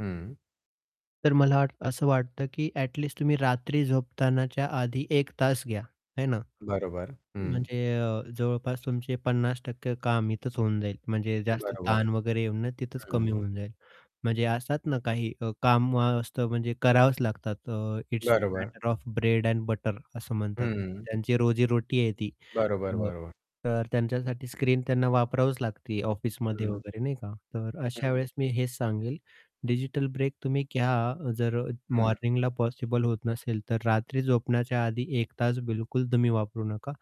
हं. तर मला असं वाटतं की ॲट लीस्ट तुम्ही रात्री झोपतानाच्या आधी 1 तास घ्या, है ना? बरोबर. हं. म्हणजे जवळपास तुमचे 50% टक्के काम इथेच होऊन जाईल म्हणजे जास्त बरोबर. ताण वगैरे येऊन तिथंच कमी हं. होऊन जाईल म्हणजे असतात ना, काही अ, काम असतं म्हणजे करावंच लागतात इट्स द बरोबर. Matter of bread and butter असं म्हणतात. हं. त्यांची रोजी रोटी आहे ती. बरोबर, अ, बरोबर. तर त्यांच्यासाठी स्क्रीन त्यांना वापरावंच लागते ऑफिसमध्ये हं. वगैरे नाही का, तर अशा हं. वेळेस मी हेच सांगेल, डिजिटल ब्रेक तुम्ही घ्या, जर हं. मॉर्निंगला पॉसिबल होत नसेल तर रात्री झोपण्याच्या आधी 1 तास बिलकुल तुम्ही वापरू नका.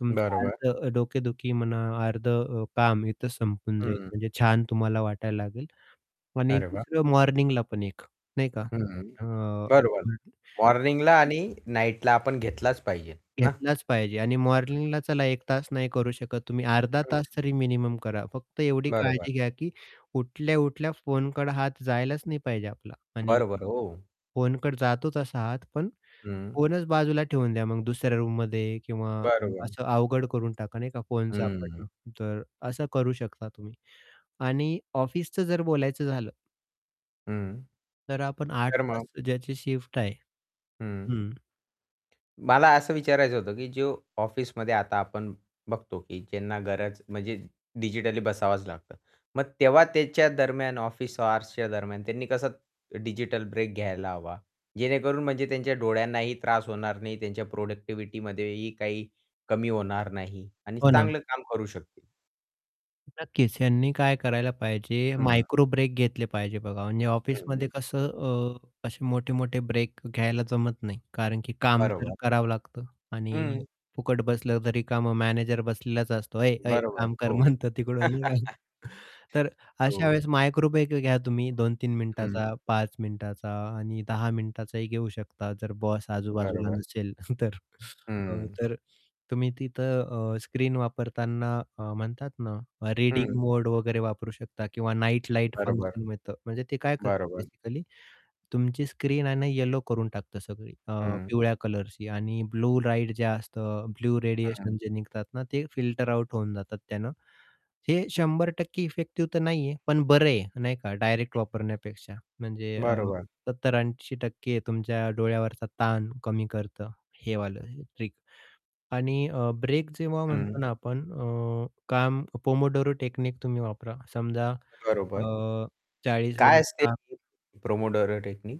तुमचं बरोबर. अर्धं डोकेदुखी म्हणा, अर्धं अ, काम इथं संपून जाईल, हं. म्हणजे छान तुम्हाला वाटायला लागेल आणि अरे वाह! दुसरं मॉर्निंगला पण एक नाही का. हं. अ, बरोबर. मॉर्निंगला [unintelligible] आणि नाईटला आपण घेतलाच पाहिजे, ना? घेतलाच पाहिजे आणि मॉर्निंगला चला 1 तास नाही करू शकत तुम्ही अर्धा तास हं. तरी मिनिमम करा, फक्त एवढी बरोबर. काळजी घ्या, की उठल्या-उठल्या फोनकड हात जायलाच नाही पाहिजे आपला. आणि बरोबर हो. फोनकडं जातो तसा हात पण हं. फोनच बाजूला ठेवून द्या, मग दुसऱ्या रूममध्ये किंवा अ बरोबर. असं अवघड करून टाका नाही का फोन हं. सापडणं तर असं करू शकता तुम्ही. आणि ऑफिसचं जर बोलायचं झालं हं. तर आपण 8 तर तास मग ज्याची शिफ्ट आहे हं. हं. मला असं विचारायचं होतं की जो ऑफिसमध्ये आता आपण बघतो की ज्यांना गरज म्हणजे डिजिटली बसावंच लागतं मग तेव्हा त्याच्या दरम्यान ऑफिस हॉर्सच्या दरम्यान त्यांनी कसं डिजिटल ब्रेक घ्यायला हवा जेणेकरून म्हणजे त्यांच्या डोळ्यांनाही त्रास होणार नाही त्यांच्या प्रोडक्टिव्हिटीमध्ये ही काही कमी होणार नाही आणि हो ना. चांगलं काम करू शकतील नक्कीच. ह्यांनी काय करायला पाहिजे हं. मायक्रो ब्रेक घेतले पाहिजे बघा, म्हणजे हं, ऑफिसमध्ये हं कसं अ, असे मोठे-मोठे ब्रेक घ्यायला जमत नाही कारण की काम तर बरोबर. करावं लागतं आणि हं. फुकट बसलं तरी का मग मॅनेजर बसलेलाच असतो. "ऐ ऐ बरोबर, काम कर" हो. म्हणतो तिकडून निघा. तर अशा हो. वेळेस मायक्रोब्रेक घ्या तुम्ही 2-3 हं. मिनिटाचा 5 मिनिटाचा आणि 10 मिनिटाचाही घेऊ शकता जर बॉस आजूबाजूला बरोबर. नसेल तर. हं. तर तुम्ही तिथं अ, स्क्रीन वापरताना म्हणतात ना, रीडिंग हं. मोड वगैरे वापरू शकता किंवा नाईट लाईट बरोबर. फंक्शन मिळतं म्हणजे ते काय करतं बरोबर. बेसिकली तुमची स्क्रीन आणि येलो करून टाकतं सगळी अ, हं. पिवळ्या कलरची आणि ब्लू लाईट जे असतं ब्लू हं. रेडिएशन जे निघतात ना, ते फिल्टर आउट होऊन जातात त्यानं, हे 100% इफेक्टिव्ह तर नाहीये पण बरं आहे नाही का डायरेक्ट वापरण्यापेक्षा म्हणजे अ, बरोबर. 70-80% तुमच्या डोळ्यावरचा ताण कमी करतं हे वालं ट्रिक आणि अ, ब्रेक जेव्हा हं. म्हणतो ना आपण अ, काम पोमोडोरो टेकनीक तुम्ही वापरा समजा बरोबर. अ, 40 काय मिनिट असते काम ही पोमोडोरो टेक्निक?